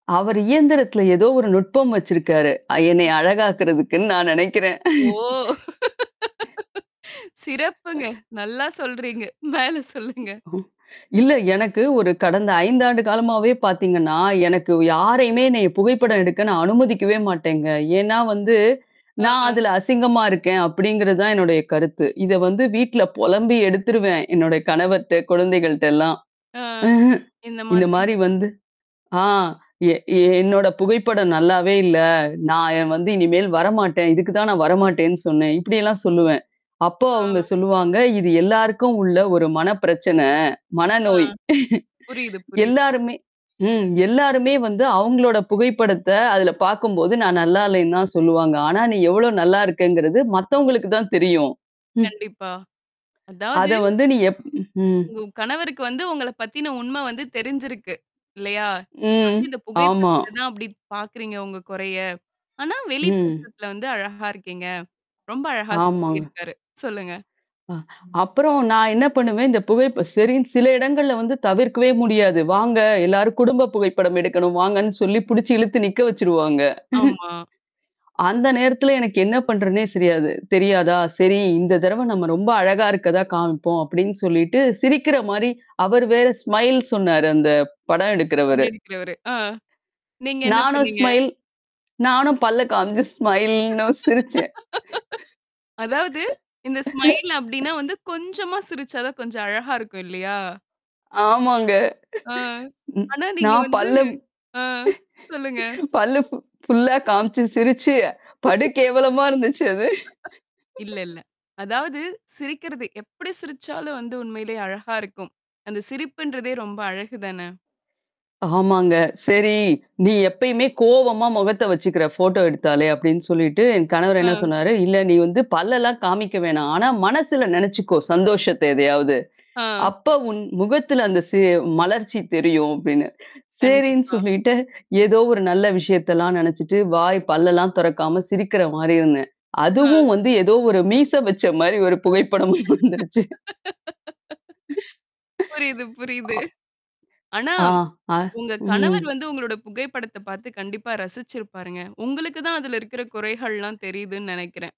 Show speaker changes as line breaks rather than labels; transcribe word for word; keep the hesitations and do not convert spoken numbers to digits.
அவரு இயந்திரத்தில எதோ ஒரு நுட்பம் வச்சிருக்காரு, அ என்னைய
ம்.
அழகாக்குறதுக்குன்னு நான் நெனைக்கிறேன்!
ஓ! சிறப்புங்க. நல்லா சொல்றீங்க. மேல சொல்லுங்க!
இல்ல, எனக்கு ஒரு கடந்த ஐந்து ஆண்டு காலமாவே பாத்தீங்கன்னா, எனக்கு யாரையுமே என்னைய புகைப்படம் எடுக்க நான் அனுமதிக்கவே மாட்டேங்க. ஏன்னா வந்து,
ஆ
"நான்
ஹ!
அதுல அசிங்கமா இருக்கேன்." அப்படிங்கிறது தான் என்னுடைய கருத்து. இத வந்து, வீட்ல பொலம்பி எடுத்துருவன். என்னுடைய கணவர்ட்ட, குழந்தைகள்ட்டல்லாம்.
ஆ. இந்த
இந்த
மாதிரி
மாரி வந்து! ஆ எ எ "என்னோட புகைப்படம் நல்லாவே இல்ல, நான் எ வந்து இனிமேல் வரமாட்டேன், இதுக்கு தான் நான் வரமாட்டேன்னு சொன்னன்!" இப்டியெல்லாம் சொல்லுவன். அப்போ அவுங்க
ஆ
சொல்லுவாங்க. இது, எல்லாருக்கும் உள்ள ஒரு மன பிரச்சனை.
ஆ!
மனநோய்!
புரியுது புரியுது.
எல்லாருமே ம். எல்லாருமே வந்து, அவுங்களோட புகைப்படத்த அதுல பாக்கும்போது, நான் நல்லா இல்லன்னு தான் சொல்லுவாங்க. ஆனா, நீ எவ்ளோ நல்லா இருக்கங்கறது மத்தவங்களுக்கு தான் தெரியும். ம்.
கண்டிப்பா! அதாவது
அத வந்து, நீ எப் ம்.
உங்க கணவருக்கு வந்து, உங்கள பத்தின உண்ம வந்து தெரிஞ்சிருக்கு, இல்லையா? நீங்க
ம்,
வந்து இந்த
ஆமா.
புகைப்படத்தில தான் அப்படி பாக்கறீங்க உங்க கொறைய. ஆனா, வெளி
ம்.
தோற்றத்துல வந்து அழகா இருக்கீங்க! ரொம்ப அழகா
ஆமாங்க.
சொல்லியிருக்காரு, சொல்லுங்க!
அ அப்புறம் நான் என்னா பண்ணுவேன், இந்த புகைப்ப சரின்னு சில இடங்கள்ல வந்து தவிர்க்கவே முடியாது. வாங்க! எல்லாரும் குடும்ப புகைப்படம் எடுக்கணும், வாங்கன்னு சொல்லி புடிச்சு இழுத்து நிக்க வச்சுருவாங்க.
ஆமா.
அந்த நேரத்தில எனக்கு என்ன பண்றதனே சரியாது தெரியாதா? "சரி, இந்த தரவ நம்ம ரொம்ப அழகா இருக்கதா காமிப்போம்"அப்டின்னு சொல்லிட்டு சிரிக்கிற மாரி அவரு வேற ஸ்மைல் சொன்னாரு, அந்த படம் எடுக்கிறவரு!
படம் எடுக்கிறவரு. ஆ. நீங்க என்ன
நானும்
பண்ணீங்க?
ஸ்மைல்! நானும் பல்ல காமிச்சு ஸ்மைல்ன்னவும் சிரிச்சேன்.
அதாவது, இந்த ஸ்மைல் அப்டின்னா வந்து, கொஞ்சமா சிரிச்சா தான், கொஞ்சம் அழகா இருக்கும், இல்லையா?
ஆமாங்க.
ஆ.
ம்.
ஆனா, நீங்க
நான்
வந்து
பல்லம்
ஆ. சொல்லுங்க!
பல்லு ஃபு ஃபுல்லா காமிச்சு சிரிச்சி படு கேவலமா இருந்துச்சு அது
இல்ல இல்ல. அதாவது சிரிக்கிறது எப்படி சிரிச்சாலும் வந்து உண்மைலையே அழகா இருக்கும். அந்த சிரிப்புன்றதே, ரொம்ப அழகு தானே!
ஆமாங்க. செரி, "நீ எப்பயுமே கோவமா முகத்த வச்சுக்கிற, ஃபோட்டோ எடுத்தாலே!" அப்படின்னு சொல்லிட்டு, என் கணவர் என்னா
ஆ!
சொன்னாரு? "இல்ல, நீ வந்து பல்லெல்லாம் காமிக்க வேணாம். ஆனா, மனசுல நெனச்சுக்கோ சந்தோஷத்த எதையாவது!
ஆ.
அப்ப உன் முகத்துல அந்த சே மலர்ச்சி தெரியும்" அப்டின்னு. சேரின்னு
கண்டிப்பா.
சொல்லிட்டு, எதோ ஒரு நல்ல விஷயத்தெல்லாம் நெனச்சுட்டு, வாய் பல்லெல்லாம் தொறக்காம சிரிக்கிற மாரி இருந்தேன்.
ஆ.
அதுவும் வந்து ஏதோ ஒரு மீச வச்ச மாரி, ஒரு புகைப்படம் வந்துருச்சு.
புரியுது புரியுது.
ஆ
ஆனா,
ஆஹ்! அ
உங்க
ம்.
கணவர் வந்து, உங்களோட புகைப்படத்த பாத்து கண்டிப்பா ரசிச்சிருப்பாருங்க! உங்களுக்கு தான் அதுல இருக்கிற குறைகள்லாம் தெரியுதுன்னு நெனைக்கிறன்.